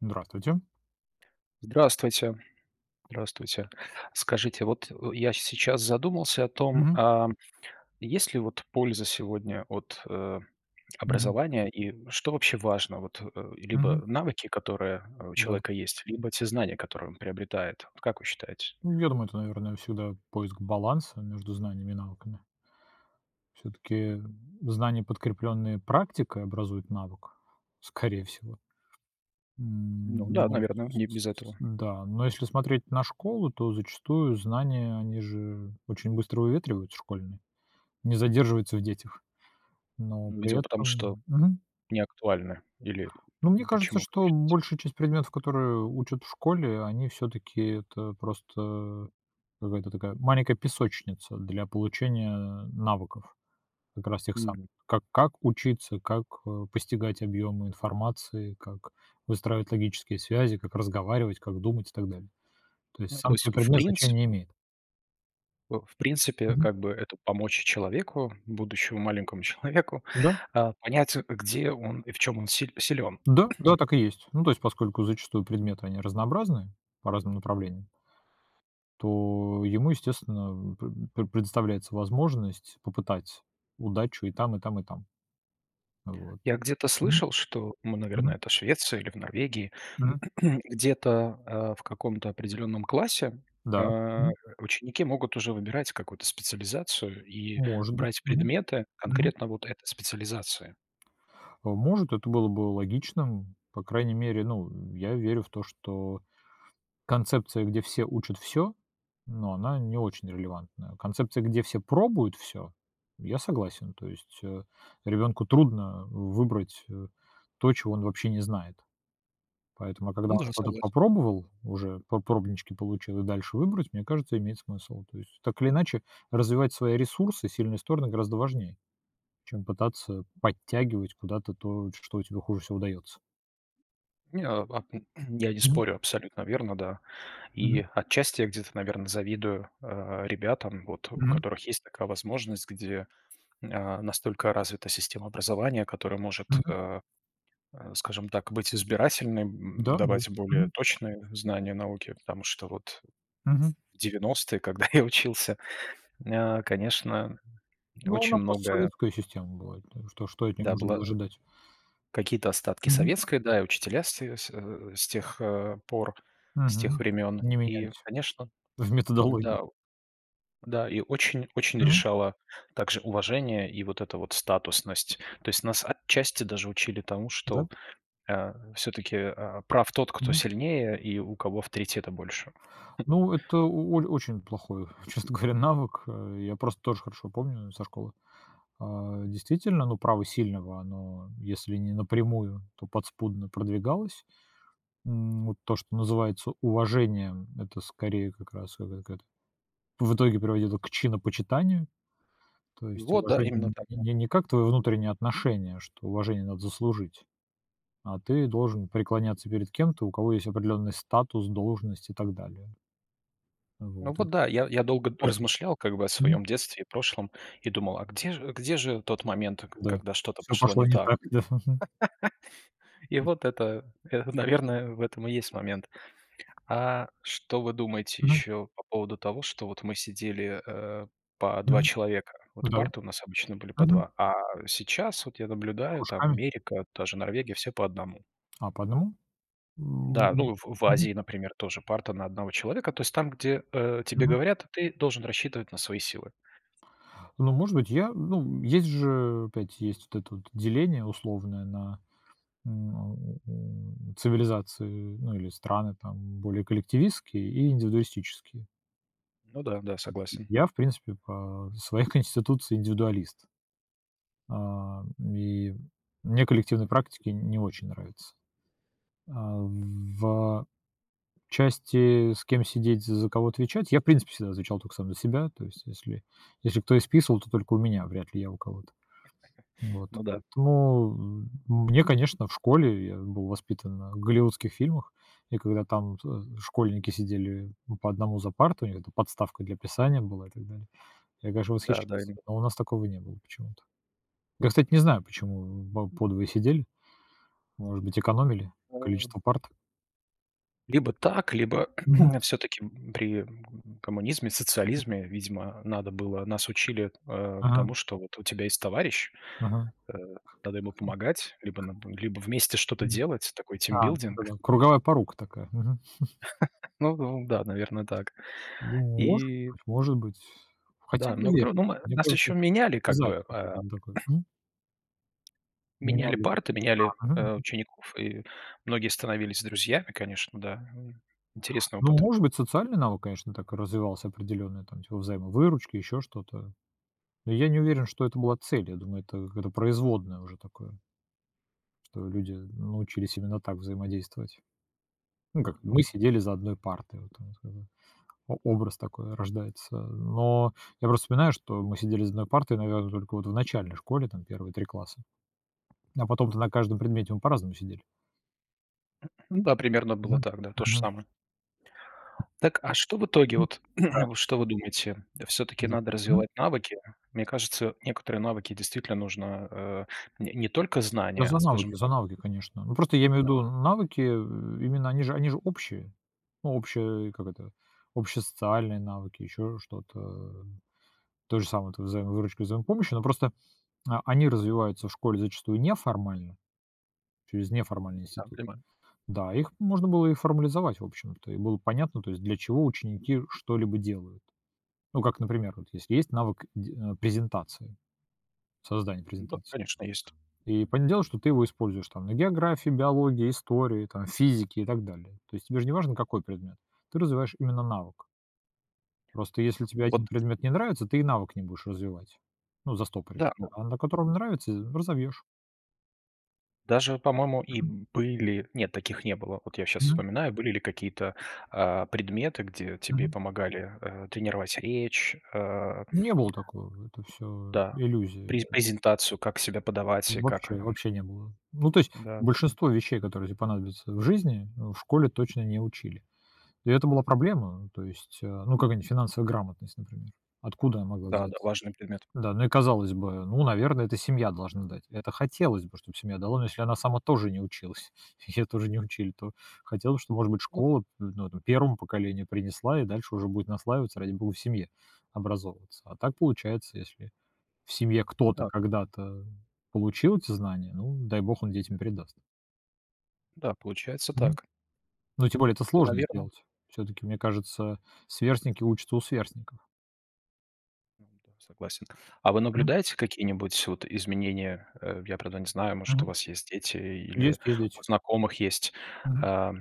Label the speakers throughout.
Speaker 1: Здравствуйте.
Speaker 2: Здравствуйте. Здравствуйте. Скажите, вот у я сейчас задумался о том,
Speaker 1: Мгм.
Speaker 2: ам, есть ли вот польза сегодня от, а,
Speaker 1: Мгм.
Speaker 2: образования, и что вообще важно вот, э- либо
Speaker 1: Мгм.
Speaker 2: навыки, которые у
Speaker 1: Да.
Speaker 2: человека есть, либо те знания, которые он приобретает? Вот как вы считаете?
Speaker 1: М, я думаю, это, наверное, всегда поиск баланса между знаниями и навыками. Всё-таки, м, знания, подкреплённые практикой, образуют навык, скорее всего.
Speaker 2: Ну
Speaker 1: М, но
Speaker 2: да,
Speaker 1: мон
Speaker 2: наверно.
Speaker 1: с
Speaker 2: Не без
Speaker 1: с с
Speaker 2: этого.
Speaker 1: да, но если смотреть на школу, то зачастую знания, они же очень быстро выветриваются школьные, не задерживаются в детях, но
Speaker 2: Ну,
Speaker 1: при
Speaker 2: видимо, потому что
Speaker 1: этом мгм.
Speaker 2: не актуально или
Speaker 1: Ну, мне
Speaker 2: пом
Speaker 1: кажется,
Speaker 2: почему, как
Speaker 1: что большая часть предметов,
Speaker 2: считаете?
Speaker 1: которые учат в школе, они всё-таки, это просто, э, какая-то такая маленькая песочница для получения навыков, как раз тех самых.
Speaker 2: Мгм.
Speaker 1: Как как учиться, как, э, постигать объемы информации, как выстраивать логические связи, как разговаривать, как думать и так далее. То есть
Speaker 2: Ну, то
Speaker 1: сам
Speaker 2: есть,
Speaker 1: сей
Speaker 2: в
Speaker 1: предмет
Speaker 2: принципе
Speaker 1: значения не имеет.
Speaker 2: Э, в принципе,
Speaker 1: Мгм.
Speaker 2: как бы, это помочь человеку, будущему маленькому человеку,
Speaker 1: Да.
Speaker 2: а, понять, а, где он и в чём он си силён.
Speaker 1: Да, да, так и есть. Ну, то есть поскольку зачастую предметы- они разнообразные, по разным направлениям то ему, естественно, м, п пре предоставляется возможность попытать удачу и там, и там, и там. Вот.
Speaker 2: Я где-то
Speaker 1: М.
Speaker 2: слышал, что, ну, наверно,
Speaker 1: Мгм.
Speaker 2: это Швеция или в Норвегии.
Speaker 1: Мгм.
Speaker 2: Где-то, а, в каком-то определённом классе,
Speaker 1: Да.
Speaker 2: а, э,
Speaker 1: Мгм.
Speaker 2: ученики могут уже выбирать какую-то специализацию, и
Speaker 1: Может быть.
Speaker 2: брать
Speaker 1: Мгм.
Speaker 2: предметы
Speaker 1: Мгм.
Speaker 2: конкретно вот этой специализации.
Speaker 1: А, может, это было бы логичным, по крайней мере, ну, м, я верю в то, что концепция, где все учат всё- но она не очень релевантная. Концепция, где все пробуют всё- я согласен. То есть, э, ребенку трудно выбрать, э, то, чего он вообще не знает. Поэтому а когда
Speaker 2: Ну
Speaker 1: он
Speaker 2: да,
Speaker 1: что-то
Speaker 2: согласен.
Speaker 1: попробовал уже, по пробнички получил, и дальше выбрать, мне кажется, имеет смысл. То есть, так или иначе, развивать свои ресурсы, сильные стороны, гораздо важнее, чем пытаться подтягивать куда-то то, ш что у тебя хуже всего даётся.
Speaker 2: Не, а п я не
Speaker 1: Мгм.
Speaker 2: спорю, абсолютно верно, да.
Speaker 1: Мгм.
Speaker 2: И отчасти я где-то, наверно, завидую, а, ребятам, вот у
Speaker 1: Мгм.
Speaker 2: которых есть такая возможность, где, а, настолько развита система образования, которая может,
Speaker 1: Мгм.
Speaker 2: а, э, скажем так, быть избирательной, м,
Speaker 1: Да-да.
Speaker 2: давать более
Speaker 1: Мгм.
Speaker 2: точные знания науки, потому что вот, ф
Speaker 1: Мгм.
Speaker 2: в 90-е, когда я учился, а, конечно,
Speaker 1: Ну,
Speaker 2: очень
Speaker 1: она
Speaker 2: многое
Speaker 1: постсоветская система была, ну и что что от нее
Speaker 2: Да,
Speaker 1: можно было
Speaker 2: было
Speaker 1: ожидать.
Speaker 2: какие-то остатки
Speaker 1: Мгм.
Speaker 2: советской, да, и учителя все с, э, с тех, а, пор, с тех
Speaker 1: Мгм.
Speaker 2: времён.
Speaker 1: Не
Speaker 2: И,
Speaker 1: менялись.
Speaker 2: конечно,
Speaker 1: В методологии.
Speaker 2: н-да, да, и очень-очень
Speaker 1: Мгм.
Speaker 2: решало также уважение и вот это вот статусность. То есть нас отчасти даже учили тому,
Speaker 1: Да.
Speaker 2: что, а, всё-таки, а, прав тот, кто
Speaker 1: Мгм.
Speaker 2: сильнее, и у кого авторитета больше.
Speaker 1: Ну, это у оль очень плохой, честно говоря, навык, э. Я просто тоже хорошо помню, э, со школы. А, действительно, ну, право сильного, оно если не напрямую, то подспудно продвигалось. М, вот то, что называется уважением, это, скорее, как раз это какая-то, в итоге приводило к чинопочитанию. То есть
Speaker 2: Вот, да, именно
Speaker 1: уважение
Speaker 2: так,
Speaker 1: не
Speaker 2: да.
Speaker 1: не не как твое внутреннее отношение, что уважение надо заслужить, а ты должен преклоняться перед кем-то, у кого есть определённый статус, должность и так далее.
Speaker 2: Ну
Speaker 1: Вот, это
Speaker 2: вот да, я я долго д
Speaker 1: портит
Speaker 2: размышлял, как бы, о
Speaker 1: Мгм.
Speaker 2: своем детстве и прошлом, и думал: а где же где же тот момент, ка
Speaker 1: Да,
Speaker 2: когда что-то
Speaker 1: всё
Speaker 2: пошло
Speaker 1: пошло
Speaker 2: не
Speaker 1: не
Speaker 2: так?
Speaker 1: так, да. Мгм.
Speaker 2: И вот это, э, наверное, в этом и есть момент. А что вы думаете
Speaker 1: Мгм.
Speaker 2: еще по поводу того, что вот мы сидели, э, по 2
Speaker 1: Мгм.
Speaker 2: человека? Вот
Speaker 1: Да.
Speaker 2: парты у нас обычно были по
Speaker 1: Мгм.
Speaker 2: 2, а сейчас, вот я наблюдаю, там
Speaker 1: Кружками?
Speaker 2: Америка, та же Норвегия- все по 1.
Speaker 1: А, по 1? М,
Speaker 2: Да,
Speaker 1: у
Speaker 2: ну, в в
Speaker 1: Мгм.
Speaker 2: Азии, например, тоже парта на 1 человека. То есть там, где, э, тебе
Speaker 1: Мгм.
Speaker 2: говорят, ты должен рассчитывать на свои силы.
Speaker 1: Ну, может быть, я, ну, м, есть же, опять,
Speaker 2: М.
Speaker 1: есть вот это вот деление условное на на у цивилизации, ну или страны там, более коллективистские и индивидуалистические.
Speaker 2: Ну да, да,
Speaker 1: У ти
Speaker 2: согласен.
Speaker 1: я, в принципе, по своей конституции индивидуалист. Ам, и мне коллективные практики не очень нравятся. А в, а, части, с кем сидеть, з за кого отвечать, я, в принципе, всегда звучал только сам за себя, то есть, если если кто и списывал, то только у меня, вряд ли я у кого-то. Вот,
Speaker 2: Ну да.
Speaker 1: поэтому, э, мне, конечно, в школе, я был воспитан на голливудских фильмах, и когда там, а, школьники сидели, м, по 1 за партами, у них там подставка для писания была и так далее- я, конечно,
Speaker 2: Да, да,
Speaker 1: восхищался,
Speaker 2: ин
Speaker 1: но у нас такого не было почему-то. Я, кстати, не знаю, почему мы по 2 сидели. Может быть, экономили
Speaker 2: Эм.
Speaker 1: количество парт?
Speaker 2: Либо так, либо
Speaker 1: Мгм.
Speaker 2: всё-таки, м, при, м, коммунизме,
Speaker 1: Мгм.
Speaker 2: социализме, видимо, надо было. Нас учили, э,
Speaker 1: Мгм.
Speaker 2: тому, что вот у тебя есть товарищ,
Speaker 1: Мгм. М.
Speaker 2: э, надо ему помогать либо над либо вместе что-то
Speaker 1: Мгм.
Speaker 2: делать. Такой
Speaker 1: А, ну это,
Speaker 2: тимбилдинг.
Speaker 1: да- круговая порука такая. Мгм.
Speaker 2: Ну ну да, наверное, так.
Speaker 1: Ну, может
Speaker 2: И
Speaker 1: быть, может быть. Хотя
Speaker 2: Да,
Speaker 1: не
Speaker 2: много тру
Speaker 1: верь.
Speaker 2: но мы
Speaker 1: Мне
Speaker 2: нас
Speaker 1: кажется,
Speaker 2: еще меняли как
Speaker 1: задник
Speaker 2: бы, э.
Speaker 1: какой-то не такой. М? У меня
Speaker 2: Меняли
Speaker 1: нет.
Speaker 2: парты, меняли,
Speaker 1: А, мгм,
Speaker 2: э
Speaker 1: мгм.
Speaker 2: учеников, и многие становились друзьями, конечно, да. Э, интересный
Speaker 1: Ну,
Speaker 2: опыт.
Speaker 1: может быть, социальный навык, конечно, так развивался определенный там типа взаимовыручки, еще что-то. И я не уверен, что это была цель, я думаю, это какое-то производное уже такое. Что люди научились именно так взаимодействовать. Ну
Speaker 2: Эм,
Speaker 1: как:
Speaker 2: ну
Speaker 1: мы
Speaker 2: да.
Speaker 1: сидели за одной партой, вот у нас было- о образ такой рождается. Но я просто вспоминаю, что мы сидели за одной партой, наверно, только в начальной школе, там первые 3 класса, а потом-то на каждом предмете мы по-разному сидели.
Speaker 2: Ну да, примерно было
Speaker 1: Мгм,
Speaker 2: так, да, то ж
Speaker 1: мгм.
Speaker 2: самое. Так, а что в итоге
Speaker 1: М,
Speaker 2: вот,
Speaker 1: да.
Speaker 2: что вы думаете? Всё-таки
Speaker 1: За.
Speaker 2: надо
Speaker 1: Мгм.
Speaker 2: развивать навыки. Мне кажется, некоторые навыки действительно нужно, э, не не только
Speaker 1: Я
Speaker 2: знания, а,
Speaker 1: за
Speaker 2: скажем
Speaker 1: навыки, за
Speaker 2: так
Speaker 1: навыки, конечно. Ну просто я имею в
Speaker 2: Так.
Speaker 1: виду: навыки, э, именно они же они же общие. Ну общие Как это? Общие социальные навыки, еще что-то, э. То же самое- это взаимовыручка и взаимопомощь, но просто, а, они развиваются в школе зачастую неформально, через
Speaker 2: М,
Speaker 1: неформальный
Speaker 2: да,
Speaker 1: институт.
Speaker 2: понимаю.
Speaker 1: Да, их можно было и формализовать в общем-то, и было понятно, то есть для чего ученики что-либо делают. Ну как, например, вот если есть навык де н презентации, создания
Speaker 2: Да,
Speaker 1: презентации,
Speaker 2: конечно, есть.
Speaker 1: и понятное дело, что ты его используешь там на географии, биологии, истории, там физике и так далее. То есть тебе же не важно, какой предмет, ты развиваешь именно навык. Просто если тебе 1
Speaker 2: Вот
Speaker 1: предмет не нравится, ты и навык не будешь развивать. Ну, застопоришь,
Speaker 2: Да, ну.
Speaker 1: а на котором нравится з разовьешь.
Speaker 2: Даже, по-моему, и
Speaker 1: Мгм.
Speaker 2: были Нет, таких не было. Вот я щас
Speaker 1: Мгм.
Speaker 2: вспоминаю: были ли какие-то, а, предметы, где тебе
Speaker 1: Мгм.
Speaker 2: помогали, э, тренировать речь, э
Speaker 1: Не было такого. Это всё
Speaker 2: Да,
Speaker 1: иллюзии
Speaker 2: пре
Speaker 1: были.
Speaker 2: презентацию, как себя подавать и как,
Speaker 1: Вообще,
Speaker 2: эм
Speaker 1: вообще не было. Ну то есть
Speaker 2: Да-да-да.
Speaker 1: большинство вещей, которые тебе понадобятся в жизни, н в школе точно не учили. И это была проблема. То есть, э, ну какая-нибудь финансовая грамотность, например. Откуда она могла
Speaker 2: Да-да,
Speaker 1: взяться?
Speaker 2: важный предмет.
Speaker 1: Да, ну и, казалось бы, ну, наверно, это семья должна дать. Это хотелось бы, чтобы семья дала, но если она сама тоже не училась, ее тоже не учили, то хотелось, что, может быть,
Speaker 2: Вот
Speaker 1: школа, н ну, 1 поколению принесла, и дальше уже будет наслаиваться, ради бога, в семье образовываться. А так получается, если в семье кто-то
Speaker 2: Да.
Speaker 1: когда-то получил эти знания, ну, дай бог, он детям передаст.
Speaker 2: Да, получается
Speaker 1: Мгм.
Speaker 2: так.
Speaker 1: Ну, тем
Speaker 2: Ну,
Speaker 1: более это сложно
Speaker 2: наверно.
Speaker 1: сделать. Всё-таки, мне кажется, сверстники учатся у сверстников.
Speaker 2: Ну да, согласен. А вы
Speaker 1: М.
Speaker 2: наблюдаете какие-нибудь, вот, изменения? Э, я, правда, не знаю, может, у
Speaker 1: Мгм.
Speaker 2: вас есть дети или
Speaker 1: Есть, есть дети.
Speaker 2: у знакомых есть.
Speaker 1: Мгм.
Speaker 2: Э,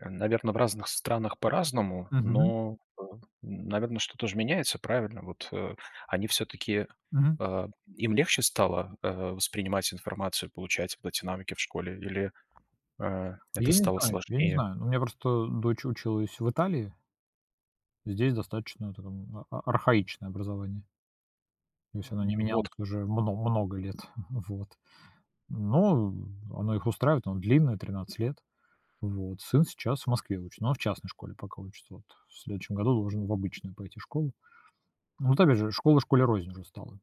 Speaker 2: м, наверно, в разных странах по-разному,
Speaker 1: Мгм.
Speaker 2: но, м, наверно, что-то ж меняется, правильно? Вот, э, они все-таки,
Speaker 1: Мгм.
Speaker 2: э, им легче стало, э, воспринимать информацию, получать вот эти навыки в школе или, э, это
Speaker 1: Я не
Speaker 2: стало
Speaker 1: знаю я не
Speaker 2: сложнее?
Speaker 1: знаю. Ну, у меня просто дочь училась в Италии. Здесь достаточно, такое, а архаичное образование. То есть оно не
Speaker 2: М, вот
Speaker 1: менялось
Speaker 2: как.
Speaker 1: уже мно много лет. Вот. Но, м, оно их устраивает, оно длинное, 13 лет. Вот. Сын сейчас в Москве учит, но он в частной школе пока учится, вот. В следующем году должен в обычную пойти школу. Вот опять же, школа школе рознь уже стала,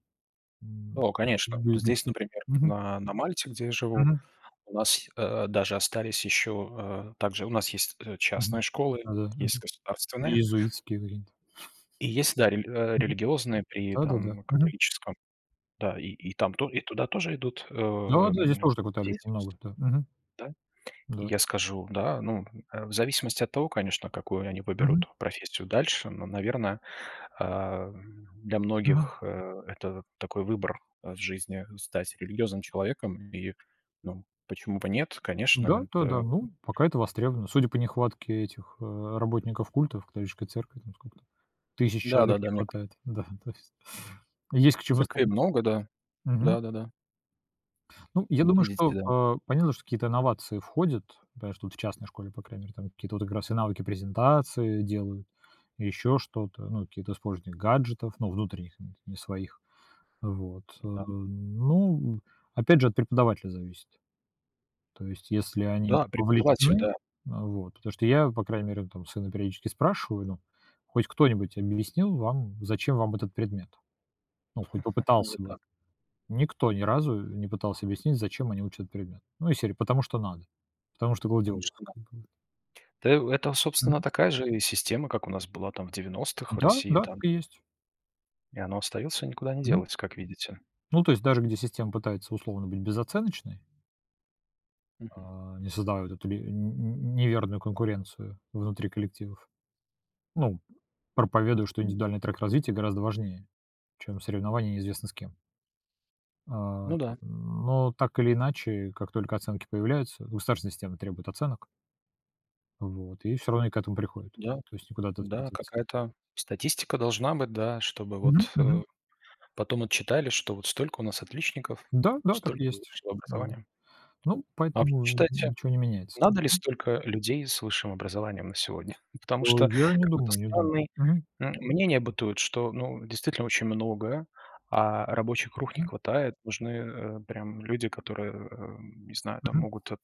Speaker 1: м.
Speaker 2: О, конечно!
Speaker 1: [unintelligible]
Speaker 2: Здесь, например,
Speaker 1: Мгм.
Speaker 2: на на Мальте, где я живу,
Speaker 1: Мгм.
Speaker 2: у нас, э, даже остались еще, э Также у нас есть, э,
Speaker 1: Мгм,
Speaker 2: частная школы,
Speaker 1: да-да,
Speaker 2: есть
Speaker 1: мгм.
Speaker 2: государственные.
Speaker 1: Иезуитский иврит.
Speaker 2: И есть, да, рели э,
Speaker 1: Мгм.
Speaker 2: релиигиозные при,
Speaker 1: Да-да-да.
Speaker 2: там,
Speaker 1: Мгм.
Speaker 2: католическом. Да, и
Speaker 1: М.
Speaker 2: и там то и туда тоже идут, э,
Speaker 1: Да, да. Здесь
Speaker 2: м,
Speaker 1: тоже так в Италии
Speaker 2: дети
Speaker 1: очень много,
Speaker 2: сту
Speaker 1: да, мгм.
Speaker 2: Да? И
Speaker 1: Да.
Speaker 2: я скажу, да, ну, э, в зависимости от того, конечно, какую они
Speaker 1: Мгм.
Speaker 2: выберут профессию дальше. Но, наверно, а, для
Speaker 1: Мгм.
Speaker 2: многих, э, это такой выбор, э, в жизни- стать религиозным человеком. И, ну, почему бы нет,
Speaker 1: Да,
Speaker 2: конечно,
Speaker 1: да, да.
Speaker 2: это, м
Speaker 1: Ну, пока это востребовано. Судя по нехватке этих, э, работников культов, католической церкви, там, сколько там, тысяч
Speaker 2: Да,
Speaker 1: человек
Speaker 2: да,
Speaker 1: не
Speaker 2: да, мне к
Speaker 1: хватает. Да, то есть. Есть к чему
Speaker 2: Церквей
Speaker 1: стремиться.
Speaker 2: много, да.
Speaker 1: Мгм.
Speaker 2: Да-да-да.
Speaker 1: Ну, я
Speaker 2: Вот
Speaker 1: думаю, что,
Speaker 2: видите, да.
Speaker 1: э, понятно, что какие-то инновации входят, да. Что вот в частной школе, по крайней мере, там, какие-то как раз и навыки, презентации делают, еще что-то. Ну, какие-то сложные гаджетов, ну, внутренних, н не своих. Вот, э.
Speaker 2: Да.
Speaker 1: Ну, опять же, от преподавателя зависит. То есть если они
Speaker 2: Да, преподаватель,
Speaker 1: вовлечены, э,
Speaker 2: да.
Speaker 1: вот. Потому что я, по крайней мере, там, сына периодически спрашиваю, ну: "Хоть кто-нибудь объяснил вам, зачем вам этот предмет?" Ну, хоть
Speaker 2: А, вот
Speaker 1: попытался бы.
Speaker 2: так.
Speaker 1: Никто ни разу не пытался объяснить, зачем они учат этот предмет. Ну из серии "потому что надо". Потому что вроде
Speaker 2: Потому что,
Speaker 1: ох,
Speaker 2: да.
Speaker 1: как бы, вот.
Speaker 2: Да это, собственно,
Speaker 1: Мгм.
Speaker 2: такая же и система, как у нас была, там, в 90 в
Speaker 1: Да,
Speaker 2: России,
Speaker 1: да,
Speaker 2: там.
Speaker 1: так и есть!
Speaker 2: И оно остается, никуда не
Speaker 1: Мгм.
Speaker 2: делось, как видите.
Speaker 1: Ну, то есть даже где система пытается, условно, быть безоценочной
Speaker 2: Мгм.
Speaker 1: а, не создавая вот эту ле нь нь неверную конкуренцию внутри коллективов. Ну, проповедуют, что
Speaker 2: М.
Speaker 1: индивидуальный трек развития гораздо важнее, чем соревнование неизвестно с кем. А,
Speaker 2: Ну да.
Speaker 1: но, так или иначе, как только оценки появляются, государственная система требует оценок. Вот. И все равно они к этому приходят.
Speaker 2: Да,
Speaker 1: То есть никуда от этого не
Speaker 2: да.
Speaker 1: деться.
Speaker 2: Какая-то статистика должна быть, да, чтобы
Speaker 1: Мгм,
Speaker 2: вот,
Speaker 1: мгм.
Speaker 2: э, потом отчитались, что, вот, столько у нас отличников,
Speaker 1: Да, да, так и
Speaker 2: столько
Speaker 1: есть.
Speaker 2: высшего
Speaker 1: Вот.
Speaker 2: образования.
Speaker 1: Ну,
Speaker 2: А вы
Speaker 1: поэтому
Speaker 2: читайте,
Speaker 1: ничё не меняется,
Speaker 2: надо ли
Speaker 1: м.
Speaker 2: столько людей с высшим образованием на сегодня? Потому
Speaker 1: О,
Speaker 2: что
Speaker 1: я не
Speaker 2: какой-то
Speaker 1: думаю не думаю.
Speaker 2: странный,
Speaker 1: Мгм.
Speaker 2: м, мнение бытует, что, ну, действительно, очень много, а рабочих рук не
Speaker 1: Мгм, м.
Speaker 2: хватает. Нужны, э, прям люди, которые, э, не знаю, там,
Speaker 1: Мгм.
Speaker 2: могут, э,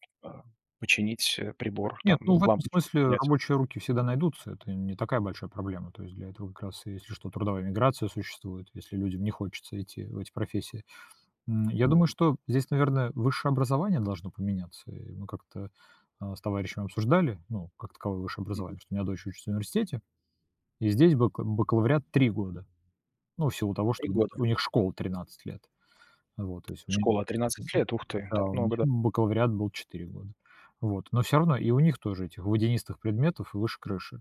Speaker 2: починить, э, прибор,
Speaker 1: Нет,
Speaker 2: там,
Speaker 1: ну, в этом
Speaker 2: лампочку
Speaker 1: смысле
Speaker 2: поменять.
Speaker 1: рабочие руки всегда найдутся, это не такая большая проблема. То есть для этого как раз, если что, трудовая миграция существует, если людям не хочется идти в эти профессии. М, я думаю,
Speaker 2: Мгм.
Speaker 1: что здесь, наверное, высшее образование должно поменяться. Э, мы как-то, а, с товарищем обсуждали, ну, как таковое высшее
Speaker 2: Мгм.
Speaker 1: образование. Что у меня дочь учится в университете, и здесь бака бакалавриат 3 года. Ну, в силу того,
Speaker 2: 3
Speaker 1: что у них
Speaker 2: года.
Speaker 1: у них школа 13 лет, вот. То есть у ме мгм,
Speaker 2: Школа- 13 лет! Ух ты,
Speaker 1: да,
Speaker 2: так
Speaker 1: у меня
Speaker 2: много, да.
Speaker 1: бакалавриат был 4 года. Вот. Но все равно и у них тоже этих водянистых предметов выше крыши.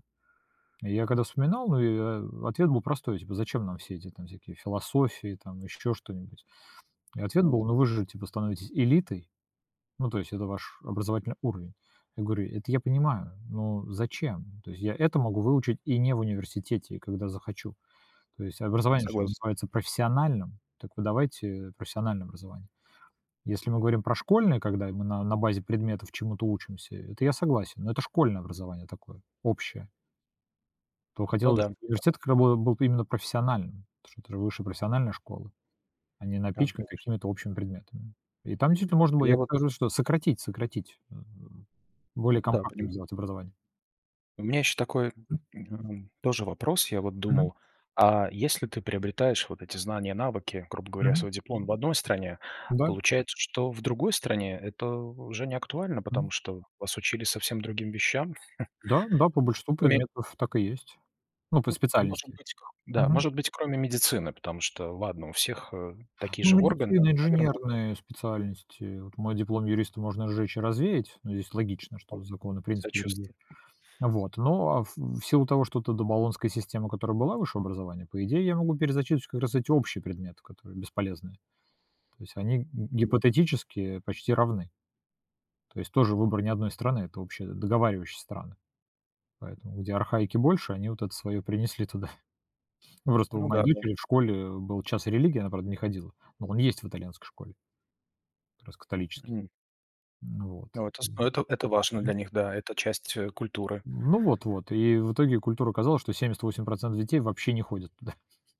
Speaker 1: Я когда вспоминал, ну и, а, ответ был простой. Типа, зачем нам все эти всякие философии, там еще что-нибудь? И ответ
Speaker 2: Ну
Speaker 1: был:
Speaker 2: да.
Speaker 1: ну вы же, типа, становитесь элитой, ну то есть это ваш образовательный уровень. Я говорю, это я понимаю, но зачем? То есть я это могу выучить и не в университете, когда захочу. То есть
Speaker 2: Я
Speaker 1: образование же
Speaker 2: согласен.
Speaker 1: называется профессиональным, так вы давайте профессиональное образование. Если мы говорим про школьное, когда мы на на базе предметов чему-то учимся, это я согласен. Но это школьное образование такое, общее. То
Speaker 2: Ну
Speaker 1: хотелось бы,
Speaker 2: да, да.
Speaker 1: чтобы университет к рабо был б именно профессиональным. Это это ж высшая профессиональная школа. А не
Speaker 2: Да,
Speaker 1: напичканы
Speaker 2: конечно.
Speaker 1: какими-то общими предметами. И там действительно можно было,
Speaker 2: Я
Speaker 1: я
Speaker 2: вот.
Speaker 1: как раз говорю, что сократить сократить. Э,
Speaker 2: Ну
Speaker 1: более
Speaker 2: да,
Speaker 1: компактным
Speaker 2: понимаю.
Speaker 1: сделать образование.
Speaker 2: У меня еще такой, м,
Speaker 1: М.
Speaker 2: э, м, тоже вопрос. Я вот
Speaker 1: Мгм.
Speaker 2: думал. А если ты приобретаешь вот эти знания, навыки, грубо говоря,
Speaker 1: Мгм.
Speaker 2: свой диплом в одной стране,
Speaker 1: Да.
Speaker 2: получается, что в другой стране это уже не актуально.
Speaker 1: Мгм.
Speaker 2: Потому что вас учили совсем другим вещам.
Speaker 1: Да, да, по большинству
Speaker 2: Кроме
Speaker 1: предметов так и есть. Ну, по
Speaker 2: Ну, может
Speaker 1: специальности.
Speaker 2: быть, к Да,
Speaker 1: Мгм.
Speaker 2: может быть, кроме медицины, потому что ладно, у всех, э, такие
Speaker 1: Ну,
Speaker 2: же органы,
Speaker 1: медицина,
Speaker 2: наверно.
Speaker 1: инженерные специальности. Вот мой диплом юриста можно сжечь и развеять, но здесь логично,
Speaker 2: О,
Speaker 1: что законы, принципы другие.
Speaker 2: сочувствую.
Speaker 1: Вот. Но в в силу того, что то до болонская система, которая была высшее образование, по идее, я могу перезачесть как раз эти общие предметы, которые бесполезные. То есть они г
Speaker 2: Мгм.
Speaker 1: гипотетически почти равны. То есть тоже выбор не одной страны. Это обще договаривающиеся страны. Поэтому, где архаики больше, они вот это свое принесли туда. Просто у
Speaker 2: Ну да,
Speaker 1: моей
Speaker 2: да.
Speaker 1: дочери в школе был час религии, она, правда, не ходила. Но он есть в итальянской школе. Как раз католический.
Speaker 2: Мгм.
Speaker 1: Ну вот,
Speaker 2: Но это с ну,
Speaker 1: м,
Speaker 2: это это важно для
Speaker 1: мгм.
Speaker 2: них, да, это часть, э, культуры.
Speaker 1: М, ну вот, вот, и в итоге культура оказалась, что 78% детей вообще не ходят туда.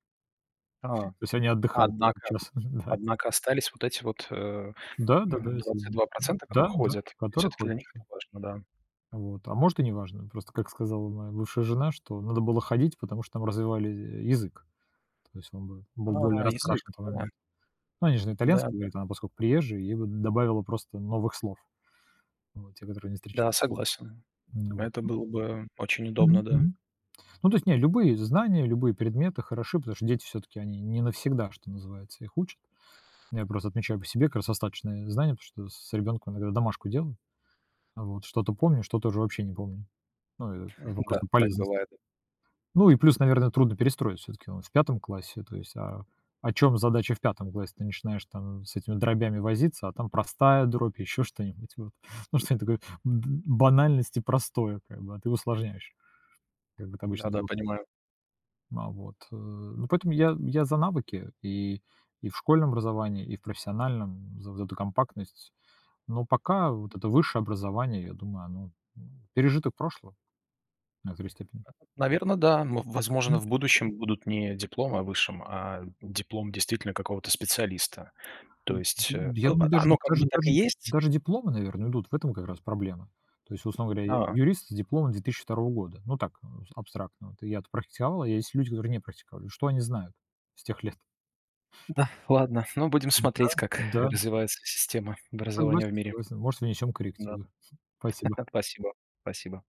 Speaker 2: А!
Speaker 1: То есть они отдыхают в этот
Speaker 2: Однако
Speaker 1: час, мгм, да.
Speaker 2: однако остались вот эти вот, э,
Speaker 1: Да-да-да, есть, э,
Speaker 2: двадцать
Speaker 1: мгм.
Speaker 2: два процента, которые
Speaker 1: Да-да,
Speaker 2: ходят. И
Speaker 1: который
Speaker 2: все-таки для
Speaker 1: ходят
Speaker 2: них это
Speaker 1: еще.
Speaker 2: важно, да.
Speaker 1: Вот. А может, и неважно. Просто, как сказала моя бывшая жена, что надо было ходить, потому что там развивали, э, язык. То есть он бы был более
Speaker 2: А, язык!
Speaker 1: раскрашен на то
Speaker 2: Да.
Speaker 1: момент. Ну они же на
Speaker 2: Да,
Speaker 1: итальянском
Speaker 2: да.
Speaker 1: говорит, а она поскольку приезжая, ей бы добавило просто новых слов, вот. Те, которые не встреч
Speaker 2: Да, согласен.
Speaker 1: Ну вот,
Speaker 2: Это
Speaker 1: ну.
Speaker 2: был бы очень удобно,
Speaker 1: Мгм,
Speaker 2: да.
Speaker 1: мгм. Ну то есть не, любые знания, любые предметы хороши, потому что дети все-таки, они не навсегда, что называется, их учат. Я просто отмечаю по себе как раз остаточные знания, потому что с ребенком иногда домашку делаю, вот. Что-то помню, что-то уже вообще не помню. Ну, и вопрос,
Speaker 2: Да,
Speaker 1: там,
Speaker 2: так
Speaker 1: полезности.
Speaker 2: бывает.
Speaker 1: Ну и плюс, наверно, трудно перестроить, все-таки он в 5 классе. То есть, а, о чем задача в 5 классе? Ты начинаешь, там, с этими дробями возиться, а там простая дробь, еще что-нибудь, вот. Ну, что-нибудь такое д банальность и простое прямо, а ты усложняешь. Как бы ты обычно
Speaker 2: Да, да,
Speaker 1: взрос
Speaker 2: понимаю.
Speaker 1: На вот, э. Поэтому я, я за навыки и и в школьном образовании, и в профессиональном. За за эту компактность. Но пока вот это высшее образование, я думаю, оно, ну, пережиток прошлого. В некоторой степени.
Speaker 2: А, наверно, да. Ну, возможно,
Speaker 1: М.
Speaker 2: в будущем будут не дипломы о высшем, а диплом действительно какого-то специалиста. То
Speaker 1: М,
Speaker 2: есть,
Speaker 1: д
Speaker 2: э,
Speaker 1: Я
Speaker 2: а,
Speaker 1: думаю, даже
Speaker 2: оно как бы
Speaker 1: даже
Speaker 2: так
Speaker 1: даже
Speaker 2: и
Speaker 1: де
Speaker 2: есть
Speaker 1: даже дипломы, наверное, идут, в этом как раз проблема. То есть, условно говоря, я
Speaker 2: А.
Speaker 1: юрист с дипломом 2002 года. Ну, так, за абстрактно вот. Я-то практиковал, а есть люди, которые не практиковали. Что они знают с тех лет?
Speaker 2: Да, ладно. Ну, будем
Speaker 1: М, да,
Speaker 2: смотреть, как
Speaker 1: да.
Speaker 2: развивается система образования
Speaker 1: Согласен,
Speaker 2: в мире.
Speaker 1: согласен. Может, внесем
Speaker 2: Да.
Speaker 1: коррективы. Спасибо.
Speaker 2: Спасибо, спасибо.